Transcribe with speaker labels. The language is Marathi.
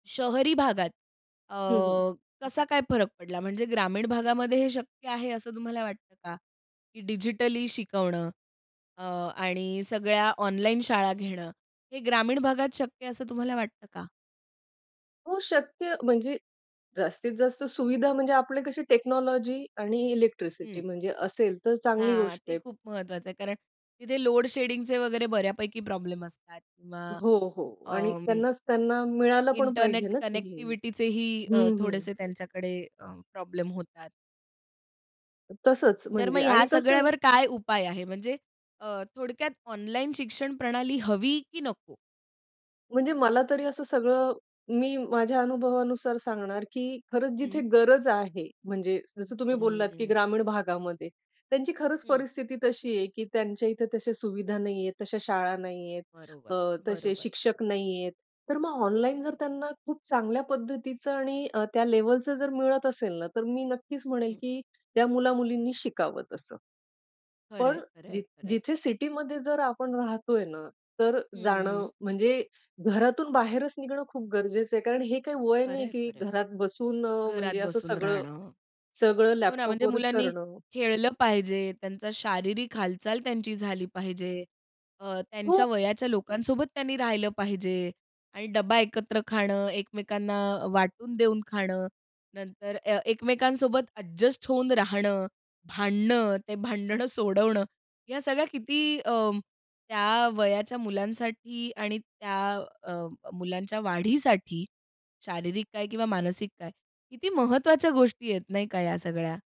Speaker 1: शहरी भागात अ,
Speaker 2: हं, हं.
Speaker 1: कसा काय फरक पडला? म्हणजे ग्रामीण भागामध्ये हे शक्य आहे, असं तुम्हाला वाटतं का? की डिजिटली शिकवणं अ, आणि सगळ्या ऑनलाईन शाळा घेणं. हे ग्रामीण भागात शक्य असं तुम्हाला वाटतं का?
Speaker 2: हो, शक्य म्हणजे जास्तीत-जास्त सुविधा म्हणजे आपली कशी टेक्नॉलॉजी आणि इलेक्ट्रिसिटी
Speaker 1: हं.
Speaker 2: म्हणजे असेल. तर चांगली
Speaker 1: हां,
Speaker 2: गोष्ट
Speaker 1: ते
Speaker 2: आहे.
Speaker 1: खूप महत्वाचं आहे कारण तिथे लोड शेडिंगचे वगैरे बऱ्यापैकी प्रॉब्लेम असतात किंवा
Speaker 2: हो, हो आणि
Speaker 1: अं
Speaker 2: त्यांनाच त्यांना मिळालं पण पाहिजे
Speaker 1: इंटरनेट
Speaker 2: ना ते ही.
Speaker 1: कनेक्टिव्हिटी ही अ,
Speaker 2: हं, हं.
Speaker 1: थोडेसे त्यांच्याकडे अं, प्रॉब्लेम होतात.
Speaker 2: तसंच
Speaker 1: तर मग
Speaker 2: म्हणजे
Speaker 1: ह्या
Speaker 2: आणि कसं आहे
Speaker 1: सगळ्यावर काय उपाय आहे? म्हणजे अ, थोडक्यात ऑनलाईन शिक्षण प्रणाली हवी की नको?
Speaker 2: म्हणजे मला तरी असं सगळं मी माझ्या अनुभवानुसार सांगणार, की खरंच
Speaker 1: हं.
Speaker 2: जिथे गरज आहे, म्हणजे जसं तुम्ही बोललात, की
Speaker 1: हम्म.
Speaker 2: ग्रामीण भागामध्ये. त्यांची खरंच
Speaker 1: हं.
Speaker 2: परिस्थिती तशी आहे की त्यांच्या इथे तशा सुविधा नाही आहेत, तश्या शाळा नाही आहेत.
Speaker 1: बरोबर,
Speaker 2: अ, तसे
Speaker 1: बरोबर.
Speaker 2: शिक्षक नाही आहेत. तर मग ऑनलाईन जर त्यांना खूप चांगल्या पद्धतीचं आणि अ, त्या लेव्हलचं जर मिळत असेल ना, तर मी नक्कीच म्हणेल
Speaker 1: हं.
Speaker 2: की त्या मुला, मुलींनी शिकावं तसं.
Speaker 1: खरं
Speaker 2: पण
Speaker 1: आहे, खरं आहे,
Speaker 2: जिथ
Speaker 1: खरं आहे.
Speaker 2: जिथे सिटीमध्ये जर आपण राहतोय ना तर
Speaker 1: हं,
Speaker 2: जाणं
Speaker 1: हं.
Speaker 2: म्हणजे घरातून बाहेरच निघणं खूप गरजेचं आहे. कारण हे काही वय
Speaker 1: खरं
Speaker 2: नाही
Speaker 1: आहे,
Speaker 2: की
Speaker 1: खरं आहे.
Speaker 2: घरात बसून अ,
Speaker 1: घरात
Speaker 2: म्हणजे असं
Speaker 1: बसून
Speaker 2: सगळं,
Speaker 1: राहणं.
Speaker 2: सगळं
Speaker 1: हो ना, म्हणजे
Speaker 2: लॅपटॉपवरच
Speaker 1: मुलांनी
Speaker 2: करणं.
Speaker 1: खेळलं पाहिजे, त्यांचा शारीरिक हालचाल त्यांची झाली पाहिजे. अ,
Speaker 2: हो.
Speaker 1: त्यांच्या वयाच्या लोकांसोबत त्यांनी राहिलं पाहिजे. आणि डब्बा एकत्र खाणं, एकमेकांना अ, वाटून देऊन खाणं. नंतर ए एकमेकांसोबत एडजस्ट होऊन राहणं, भांडणं, ते भांडणं सोडवणं. या सगळ्या किती अं, त्या वयाच्या मुलांसाठी आणि त्या अं, मुलांच्या वाढीसाठी, शारीरिक काय किंवा मानसिक काय. किती महत्त्वाच्या गोष्टी आहेत नाही का या सगळ्या?